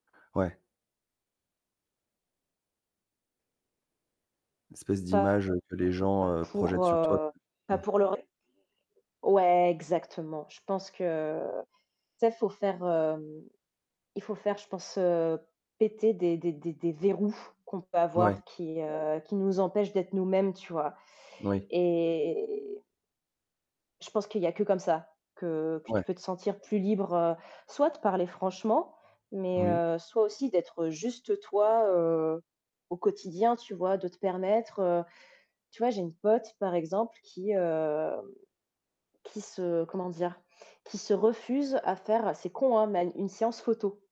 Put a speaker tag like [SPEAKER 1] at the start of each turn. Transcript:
[SPEAKER 1] Ouais. Espèce
[SPEAKER 2] Pas
[SPEAKER 1] d'image que les gens, heu,
[SPEAKER 2] pour,
[SPEAKER 1] projettent sur toi,
[SPEAKER 2] heu, pas
[SPEAKER 1] mmh.
[SPEAKER 2] pour le ré ouais exactement, je pense que, tu sais, faut faire, hem, il faut faire je pense, heu, péter des des des des verrous qu'on peut
[SPEAKER 1] Ouais.
[SPEAKER 2] avoir qui, heu, qui nous empêchent d'être nous-mêmes, tu vois
[SPEAKER 1] Oui.
[SPEAKER 2] et je pense qu'il y a que comme ça, que que tu
[SPEAKER 1] Ouais.
[SPEAKER 2] peux te sentir plus libre, heu, soit de parler franchement, mais
[SPEAKER 1] Oui.
[SPEAKER 2] heu, soit aussi d'être juste toi, heu, au quotidien, tu vois, de te permettre, heu tu vois, j'ai une pote par exemple qui hem, qui se comment dire? Qui se refuse à faire c'est con, hein, mais à n une séance photo.